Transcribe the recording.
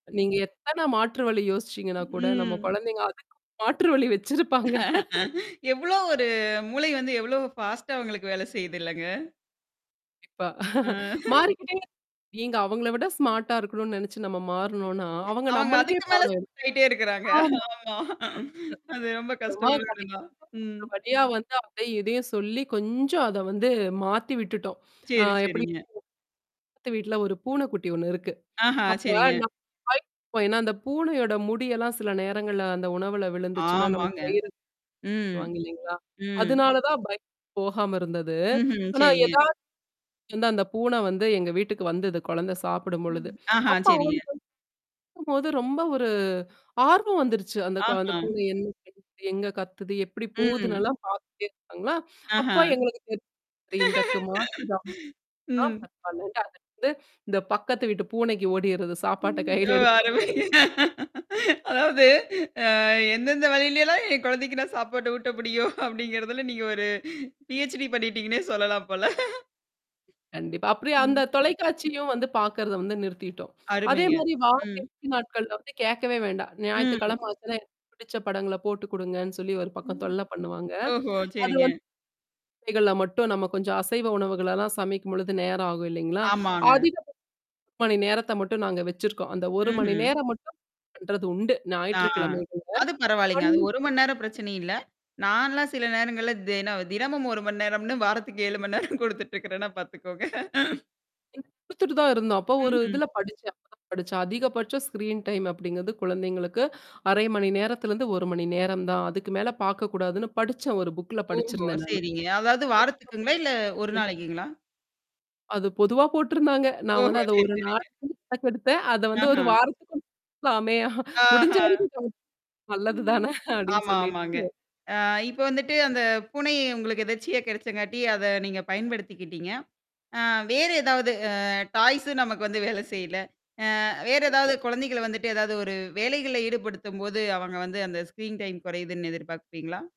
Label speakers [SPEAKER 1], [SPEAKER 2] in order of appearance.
[SPEAKER 1] நீங்க எத்தனை மாற்று வழி யோசிச்சீங்கன்னா கூட நம்ம
[SPEAKER 2] ம்.
[SPEAKER 1] குழந்தைங்க அதுக்கு மாற்று வழி வச்சிருப்பாங்க.
[SPEAKER 2] எவ்வளோ ஒரு மூளை வந்து எவ்வளோ பாஸ்ட்டா அவங்களுக்கு வேலை செய்துல்லங்க?
[SPEAKER 1] இப்ப
[SPEAKER 2] ஆ.
[SPEAKER 1] மாறிக்கிட்டே நீங்க அவங்கள விட ஸ்மார்ட்டா இருக்கணும்னு நெனைச்சு நம்ம மாறுனோம்னா, அவங்க
[SPEAKER 2] அவங்க
[SPEAKER 1] நம்மளுக்கே
[SPEAKER 2] அதுக்கு மேல
[SPEAKER 1] பாடம் எடுப்பாங்க.
[SPEAKER 2] ஷாக் ஆகிட்டே இருக்கிறாங்க.
[SPEAKER 1] ஆமா. அ.
[SPEAKER 2] ஆமா. அது ரொம்ப
[SPEAKER 1] அப்புறமா
[SPEAKER 2] கஷ்டமான ஒண்ணு தான்.
[SPEAKER 1] [unintelligible]
[SPEAKER 2] ம்.
[SPEAKER 1] ஒரு வழியா வந்து அதையும் இதையும் சொல்லி கொஞ்சம் அத வந்து மாத்தி விட்டுவிட்டோம். ஆ
[SPEAKER 2] சரி,
[SPEAKER 1] எப்டின்னா
[SPEAKER 2] சரிங்க.
[SPEAKER 1] பக்கத்து வீட்ல ஒரு பூனை குட்டி ஒண்ணு இருக்கு.
[SPEAKER 2] ஆஹா,
[SPEAKER 1] அப்ப
[SPEAKER 2] சரிங்க.
[SPEAKER 1] நம்ம [unintelligible] ஏன்னா அந்த பூனையோட முடியெல்லாம் சில நேரங்கள்ல அந்த உணவில விழுந்துச்சுன்னா நமக்கு
[SPEAKER 2] ஆமாங்க.
[SPEAKER 1] வயிறு [unintelligible]
[SPEAKER 2] ம்.
[SPEAKER 1] சொல்வாங்க இல்லைங்களா?
[SPEAKER 2] ம்.
[SPEAKER 1] அதுனால தான் பயம் போகாம இருந்தது.
[SPEAKER 2] ம்ஹும்.
[SPEAKER 1] ஆனா
[SPEAKER 2] சரிங்க.
[SPEAKER 1] ஏதாவது வந்து அந்த பூனை வந்து எங்க வீட்டுக்கு வந்தது குழந்தை சாப்பிடும் பொழுது
[SPEAKER 2] ஆஹா,
[SPEAKER 1] அப்ப
[SPEAKER 2] சரிங்க.
[SPEAKER 1] அவங்களுக்கு வந்து பாக்கும்போது ரொம்ப ஒரு ஆர்வம் வந்துருச்சு அந்த கொ அந்த
[SPEAKER 2] ஆஹ.
[SPEAKER 1] பூனை என்ன பண்ணுது எங்க கத்துது எப்டி
[SPEAKER 2] ம்.
[SPEAKER 1] போகுதுன்னுலாம் பார்த்துகிட்டே இருப்பாங்களா அப்ப
[SPEAKER 2] ஆஹா.
[SPEAKER 1] எங்களுக்கு [unintelligible] இந்தக்கு மாற்று [unintelligible] ஆ
[SPEAKER 2] ம்.
[SPEAKER 1] பரவால்ல அது வந்து இந்த பக்கத்து வீட்டு பூனைக்கு ஓடியிறது சாப்பாட்ட
[SPEAKER 2] ஒ
[SPEAKER 1] கையில எடுத்துட்டு
[SPEAKER 2] அருமை.
[SPEAKER 1] பூனை
[SPEAKER 2] அதாவது ஆ எந்தெந்த வழில எல்லாம் என் குழந்தைக்கு நான் சாப்பாடு ஊட்ட முடியும் அப்டிங்குறதில நீங்க ஒரு பிஹச்டி பண்ணிட்டீங்கன்னே சொல்லலாம் போல.
[SPEAKER 1] கண்டிப்பா. அப்டி அந்த
[SPEAKER 2] ம்.
[SPEAKER 1] தொலைக்காட்சியும் வந்து பார்க்கறத வந்து நிறுத்திட்டோம் அதே
[SPEAKER 2] அருமைங்க.
[SPEAKER 1] மாரி வார
[SPEAKER 2] ம்.
[SPEAKER 1] இறுதி நாட்கள்ல வந்து கேட்கவே வேண்டாம்
[SPEAKER 2] ம்.
[SPEAKER 1] ஞாயித்துக்கிழம ஆச்சுனா எனக்கு பிடிச்ச படங்கள போட்டு குடுங்கன்னு சொல்லி ஒரு பக்கம்
[SPEAKER 2] ம்.
[SPEAKER 1] தொல்ல பண்ணுவாங்க.
[SPEAKER 2] ஓஹோ
[SPEAKER 1] அது
[SPEAKER 2] சரிங்க.
[SPEAKER 1] வந்து இசைகள்ல மட்டும் நம்ம கொஞ்சம் அசைவ உணவுகளெல்லாம் சமைக்கும்பொழுது நேரம் ஆகும் இல்லைங்களா?
[SPEAKER 2] ஆமாங்க.
[SPEAKER 1] அதிகபட்சம் 1 மணி நேரத்தை மட்டும் நாங்க வச்சுருக்கோம். அந்த 1 மணி
[SPEAKER 2] ம்ஹ்ம்.
[SPEAKER 1] நேரம் மட்டும் பண்றது உண்டு
[SPEAKER 2] ஆ.
[SPEAKER 1] ஞாயிற்றுக்கிழமைகள்ல
[SPEAKER 2] அது பரவாயில்லைங்க. அது
[SPEAKER 1] [unintelligible]
[SPEAKER 2] 1 மணி நேரம் பிரச்சனை இல்ல. நான்லாம் சில நேரங்கள்ல தின தினமும் 1 மணி நேரம்ன்னு வாரத்துக்கு 7 மணி நேரம் குடுத்துட்டுருக்கிறேன்னா பார்த்துக்கோங்க.
[SPEAKER 1] [unintelligible] குடுத்துட்டு தான் இருந்தோம் அப்ப ஒரு
[SPEAKER 2] ம்ஹ்ம்.
[SPEAKER 1] இதில படிச்சேன் அப்பதான் படிச்சேன். அதிகபட்சம் ஸ்கிரீன் டைம் அப்டிங்கிறது குழந்தைங்களுக்கு 30 மணி நேரத்திலேருந்து 1 மணி நேரம் தான் அதுக்கு மேலே பார்க்கக்கூடாதுன்னு படிச்சேன் ஒரு புக்குல
[SPEAKER 2] ஓஹோ!
[SPEAKER 1] படிச்சிருந்தேன் நானு.
[SPEAKER 2] சரிங்க. அதாவது வாரத்துக்குங்களா இல்ல ஒரு
[SPEAKER 1] [unintelligible]
[SPEAKER 2] நாளைக்குங்களா?
[SPEAKER 1] அது பொதுவா போட்டிருந்தாங்க. நான்
[SPEAKER 2] ஓஹோ!
[SPEAKER 1] வந்து அத
[SPEAKER 2] சரி
[SPEAKER 1] 1 நாள்
[SPEAKER 2] சரிங்க.
[SPEAKER 1] கணக்கு எடுத்தேன். அத வந்து ஒரு
[SPEAKER 2] ஆஹ.
[SPEAKER 1] வாரத்துக்கு [unintelligible] மே முடிஞ்ச
[SPEAKER 2] ஆஹா.
[SPEAKER 1] அளவுக்கு [unintelligible] நல்லது தானே அப்டின்
[SPEAKER 2] ஆமா ஆமாங்க.
[SPEAKER 1] சொல்லிட்டு.
[SPEAKER 2] ஆ இப்போ வந்துட்டு அந்த பூனை உங்களுக்கு எதர்ச்சியா கிடைச்சாங்காட்டி அத நீங்க பயன்படுத்திக்கிடீங்க. ஆ வேறு ஏதாவது அ டாய்ஸ்ம் நமக்கு வந்து வேல செய்ல. ஆ வேற ஏதாவது குழந்தைகள வந்துட்டு ஏதாவது ஒரு வேலைகள்ல ஈடுபடுத்தும்போது அவங்க வந்து அந்த ஸ்கிரீன் டைம் குறையிதுன் எதிர்பார்ப்பீங்களா?